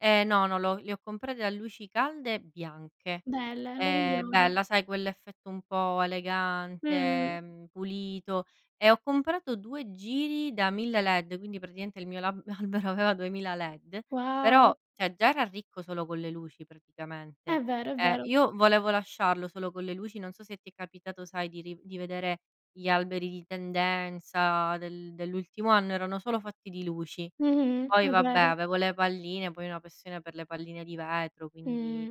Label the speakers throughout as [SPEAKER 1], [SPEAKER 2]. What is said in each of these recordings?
[SPEAKER 1] Eh, no, non lo le ho comprate a luci calde e bianche.
[SPEAKER 2] Belle, le
[SPEAKER 1] Ehm,
[SPEAKER 2] migliori.
[SPEAKER 1] bella, sai quell'effetto un po'
[SPEAKER 2] Mh-mh.
[SPEAKER 1] elegante, mhmm, pulito. E ho comprato 2 giri da 1000 LED, quindi, praticamente il mio lab albero aveva 2000 LED,
[SPEAKER 2] Wow.
[SPEAKER 1] però, cioè, già era ricco solo con le luci praticamente.
[SPEAKER 2] È vero, è
[SPEAKER 1] Eh,
[SPEAKER 2] vero.
[SPEAKER 1] io volevo lasciarlo solo con le luci. Non so se ti è capitato, sai, di riv di vedere gli alberi di tendenza del dell'ultimo anno, erano solo fatti di luci.
[SPEAKER 2] Mh-mh,
[SPEAKER 1] Poi,
[SPEAKER 2] è
[SPEAKER 1] vabbè,
[SPEAKER 2] vero.
[SPEAKER 1] avevo le palline, poi ho una passione per le palline di vetro, quindi,
[SPEAKER 2] Mh.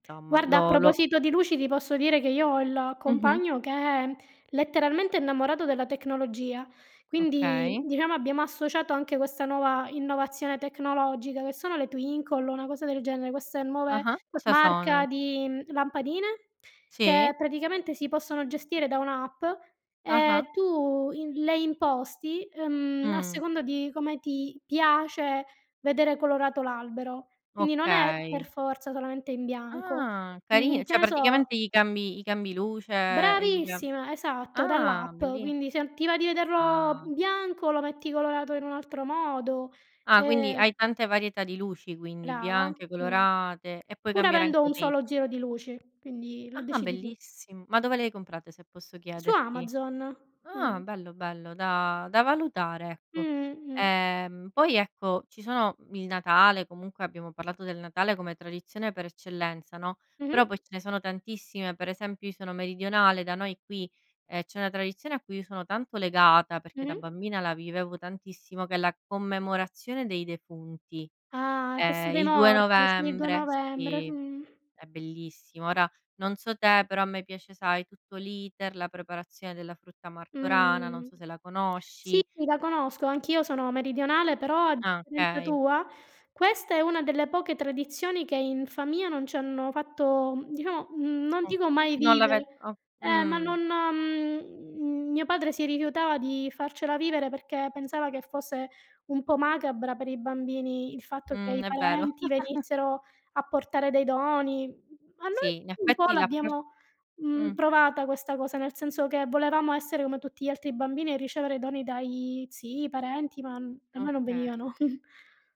[SPEAKER 1] insomma,
[SPEAKER 2] Guarda, a
[SPEAKER 1] lo lo
[SPEAKER 2] proposito di luci, ti posso dire che io ho il
[SPEAKER 1] Mh-mh.
[SPEAKER 2] compagno che è letteralmente innamorato della tecnologia. Quindi,
[SPEAKER 1] Okay.
[SPEAKER 2] diciamo abbiamo associato anche questa nuova innovazione tecnologica che sono le Twinkly, una cosa del genere, queste nuove
[SPEAKER 1] Ah-ha. Cosa
[SPEAKER 2] marca
[SPEAKER 1] sono?
[SPEAKER 2] di, mhmm, lampadine
[SPEAKER 1] Sì?
[SPEAKER 2] che praticamente si possono gestire da un'app, e
[SPEAKER 1] Ah-ha.
[SPEAKER 2] tu in le imposti, ehm, a
[SPEAKER 1] Mh.
[SPEAKER 2] seconda di come ti piace vedere colorato l'albero. Quindi, non è per
[SPEAKER 1] Okay.
[SPEAKER 2] forza solamente in bianco,
[SPEAKER 1] Ah,
[SPEAKER 2] mhmm,
[SPEAKER 1] carina,
[SPEAKER 2] che
[SPEAKER 1] cioè
[SPEAKER 2] ne so
[SPEAKER 1] praticamente gli cambi gli cambi luce, gli cam
[SPEAKER 2] Bravissima. Esatto,
[SPEAKER 1] ah,
[SPEAKER 2] dall'app.
[SPEAKER 1] belli.
[SPEAKER 2] Quindi, se non ti va di vederlo
[SPEAKER 1] Ah.
[SPEAKER 2] bianco lo metti colorato in un altro modo,
[SPEAKER 1] Ah, quindi
[SPEAKER 2] ehm
[SPEAKER 1] hai tante varietà di luci quindi,
[SPEAKER 2] Brava.
[SPEAKER 1] bianche,
[SPEAKER 2] Mh.
[SPEAKER 1] colorate e puoi
[SPEAKER 2] Pur
[SPEAKER 1] cambiare
[SPEAKER 2] avendo
[SPEAKER 1] anche
[SPEAKER 2] un
[SPEAKER 1] lì.
[SPEAKER 2] solo giro di luce, quindi lo
[SPEAKER 1] Ah,
[SPEAKER 2] decidi tu.
[SPEAKER 1] bellissimo! Ma dove le hai comprate, se posso
[SPEAKER 2] Su
[SPEAKER 1] chiederti?
[SPEAKER 2] Amazon,
[SPEAKER 1] Ah,
[SPEAKER 2] mh.
[SPEAKER 1] bello, bello da da valutare, ecco.
[SPEAKER 2] Mh-mh, mh.
[SPEAKER 1] Ehm, poi, ecco, ci sono, mhmm, il Natale, comunque abbiamo parlato del Natale come tradizione per eccellenza, no, però poi
[SPEAKER 2] Mh-mh.
[SPEAKER 1] ce ne sono tantissime. Per esempio, io sono meridionale, da noi qui, ehm, c'è una tradizione a cui io sono tanto legata, perché da
[SPEAKER 2] Mh-mh.
[SPEAKER 1] bambina la vivevo tantissimo, che è la commemorazione dei defunti.
[SPEAKER 2] Ah, la
[SPEAKER 1] È
[SPEAKER 2] festa dei
[SPEAKER 1] il 2
[SPEAKER 2] morti, sì, il 2
[SPEAKER 1] novembre,
[SPEAKER 2] novembre,
[SPEAKER 1] sì,
[SPEAKER 2] mh.
[SPEAKER 1] è bellissimo. Ora non so te, però a me piace, sai, tutto l'iter, la preparazione della frutta martorana, non
[SPEAKER 2] Mh.
[SPEAKER 1] so se la
[SPEAKER 2] Sì,
[SPEAKER 1] conosci.
[SPEAKER 2] la conosco. Anch'io sono meridionale, però, a
[SPEAKER 1] Ah,
[SPEAKER 2] differenza
[SPEAKER 1] okay.
[SPEAKER 2] tua, questa è una delle poche tradizioni che in famiglia non ci hanno fatto, diciamo mhmm, non
[SPEAKER 1] Mh.
[SPEAKER 2] dico mai
[SPEAKER 1] Non l'ave
[SPEAKER 2] vivere
[SPEAKER 1] o
[SPEAKER 2] eh, ma
[SPEAKER 1] mh.
[SPEAKER 2] non mhmm, mio padre si rifiutava di farcela vivere, perché pensava che fosse un po' macabra per i bambini il fatto che
[SPEAKER 1] Mh,
[SPEAKER 2] i
[SPEAKER 1] è vero.
[SPEAKER 2] parenti venissero a portare dei doni. Ma noi
[SPEAKER 1] Sì, in
[SPEAKER 2] un po'
[SPEAKER 1] effetti l'appro
[SPEAKER 2] l'abbiamo,
[SPEAKER 1] mh.
[SPEAKER 2] mhmm, provata questa cosa, nel senso che volevamo essere come tutti gli altri bambini e ricevere doni dai zii, parenti, ma per noi non
[SPEAKER 1] Okay.
[SPEAKER 2] venivano.